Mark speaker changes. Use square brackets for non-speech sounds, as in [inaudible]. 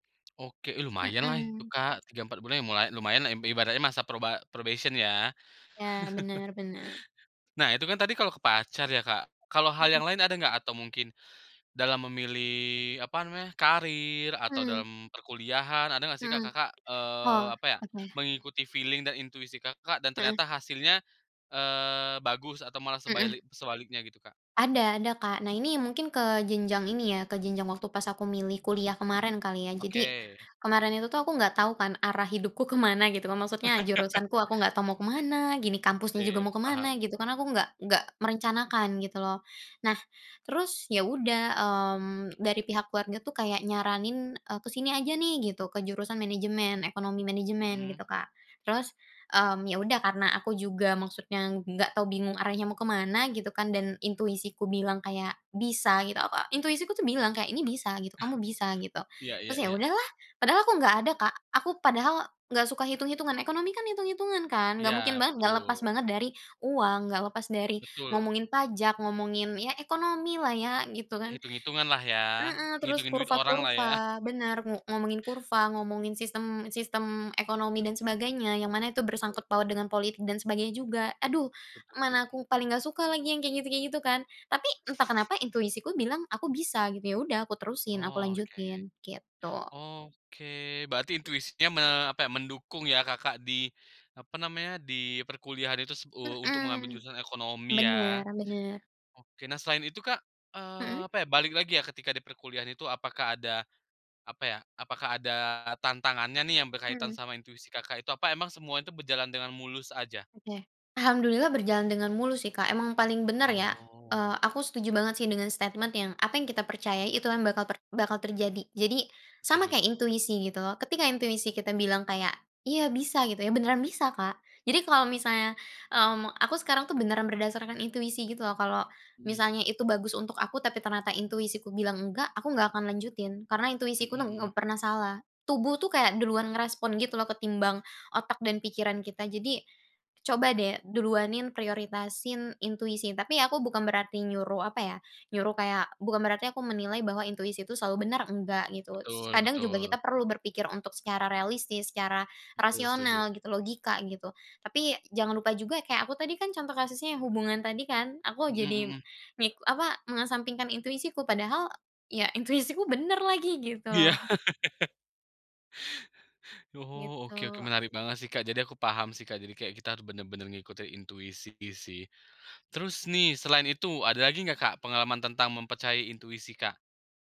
Speaker 1: Oke. Ih, lumayan lah itu,
Speaker 2: Mhm.
Speaker 1: Kak. 3, 4 bulan lumayan lah, ibaratnya masa proba probation ya.
Speaker 2: Ya,
Speaker 1: [chuckles]
Speaker 2: benar benar.
Speaker 1: Nah, itu kan tadi kalau ke pacar ya, Kak. Kalau hal
Speaker 2: Mhm.
Speaker 1: yang lain ada nggak? Atau mungkin dalam memilih apa namanya, karir, atau
Speaker 2: Mhm.
Speaker 1: dalam perkuliahan, ada nggak sih, Kak,
Speaker 2: Mhm.
Speaker 1: Kakak, eee,
Speaker 2: Oh.
Speaker 1: apa ya,
Speaker 2: Oke.
Speaker 1: mengikuti feeling dan intuisi Kakak dan
Speaker 2: Heeh.
Speaker 1: ternyata hasilnya, eee, bagus atau malah
Speaker 2: Heeh.
Speaker 1: sebaili sebaliknya gitu, Kak?
Speaker 2: Ada ada, Kak. Nah ini, mungkin ke jenjang ini ya, ke jenjang waktu pas aku milih kuliah kemarin kali ya. Jadi,
Speaker 1: Oke.
Speaker 2: kemarin itu aku nggak tahu kan arah hidupku ke mana gitu, maksudnya
Speaker 1: [chuckles]
Speaker 2: jurusanku aku nggak tahu mau ke mana. Gini kampusnya juga
Speaker 1: Oke,
Speaker 2: mau ke
Speaker 1: paham.
Speaker 2: mana, gitu, karena aku nggak nggak merencanakan gitu loh. Nah, terus ya udah, mmm, dari pihak keluarga tuh kayak nyaranin, eee, ke sini aja nih gitu, ke jurusan manajemen, ekonomi manajemen
Speaker 1: Mhm.
Speaker 2: gitu, Kak. Terus, mmm, ya udah karena aku juga maksudnya nggak tahu, bingung arahnya mau ke mana gitu kan, dan intuisiku bilang, kayak bisa gitu, a a intuisiku bilang kayak ini bisa gitu, "kamu bisa" gitu,
Speaker 1: [chuckles] Iya iya
Speaker 2: terus ya
Speaker 1: iya.
Speaker 2: udahlah. Padahal aku nggak ada, Kak, aku padahal nggak suka hitung-hitungan. Ekonomi kan itung-itungan kan, nggak mungkin
Speaker 1: Ya,
Speaker 2: banget nggak lepas
Speaker 1: betul.
Speaker 2: banget dari uang, nggak lepas dari
Speaker 1: Betul.
Speaker 2: ngomongin pajak, ngomongin, ya ekonomi lah ya gitu kan.
Speaker 1: Hitung-hitunganlah ya,
Speaker 2: Mhm, terus
Speaker 1: ngitungin duit orang lah ya.
Speaker 2: kurva-kurva, benar. Ngu ngomongin kurva, ngomongin sistem sistem ekonomi dan sebagainya, yang mana itu
Speaker 1: Betul.
Speaker 2: bersangkut paut dengan politik dan sebagainya juga. Aduh,
Speaker 1: Setuju.
Speaker 2: mana aku paling nggak suka lagi yang kayak gitu kayak gitu kan. Tapi entah kenapa intuisiku bilang, "aku bisa" gitu. Ya udah aku terusin, aku
Speaker 1: Oke.
Speaker 2: lanjutin, gitu.
Speaker 1: Oke, berarti intuisinya me apa ya, mendukung ya Kakak di apa namanya, di perkuliahan itu u untuk mengambil
Speaker 2: Mhm.
Speaker 1: jurusan ekonomi ya.
Speaker 2: Benar benar.
Speaker 1: Oke nah selain itu Kak, eee,
Speaker 2: Mhm.
Speaker 1: apa ya balik lagi ya, ketika di perkuliahan itu, apakah ada, apa ya, apakah ada tantangannya nih yang berkaitan
Speaker 2: Mhm.
Speaker 1: sama intuisi Kakak itu, apa emang semua itu berjalan dengan mulus aja?
Speaker 2: Oke. Alhamdulillah berjalan dengan mulus sih, Kak emang paling benar ya.
Speaker 1: Oh.
Speaker 2: Eee, aku setuju banget sih dengan statement yang, "Apa yang kita percayai, itu yang bakal bakal terjadi." Jadi, sama
Speaker 1: Setuju.
Speaker 2: kayak intuisi gitu, ketika intuisi kita bilang kayak "Iya, bisa" gitu ya, beneran bisa, Kak. Jadi kalau misalnya, mmm, aku sekarang tuh beneran berdasarkan intuisi gitu loh, kalau
Speaker 1: Mhm.
Speaker 2: misalnya itu bagus untuk aku, tapi ternyata intuisiku bilang enggak, aku nggak akan lanjutin, karena
Speaker 1: Mhm
Speaker 2: intuisiku nem
Speaker 1: mhm.
Speaker 2: nggak pernah salah. Tubuh tuh kayak duluan merespon gitu ketimbang otak dan pikiran kita. Jadi, coba deh duluanin, prioritasin intuisi. Tapi aku bukan berarti nyuruh apa ya, nyuruh kayak bukan berarti aku menilai bahwa intuisi itu selalu benar, enggak gitu. S
Speaker 1: Betul
Speaker 2: kadang juga kita
Speaker 1: betul.
Speaker 2: perlu berpikir untuk secara realistis, secara
Speaker 1: Betul setuju.
Speaker 2: rasional gitu, logika gitu. Tapi, jangan lupa juga, kayak aku tadi kan contoh kasusnya yang hubungan tadi kan, aku
Speaker 1: Mhm
Speaker 2: jadi,
Speaker 1: mhm.
Speaker 2: mik apa, mengesampingkan intuisiku, padahal, ya intuisiku benar lagi, gitu
Speaker 1: Iya.
Speaker 2: loh.
Speaker 1: [chuckles] Oh oke oke,
Speaker 2: Gitu.
Speaker 1: menarik banget sih Kak jadi aku paham sih Kak, jadi kayak kita benar-benar ngikutin intuisi sih. Terus nih, selain itu, ada lagi nggak Kak pengalaman tentang mempercayai intuisi Kak?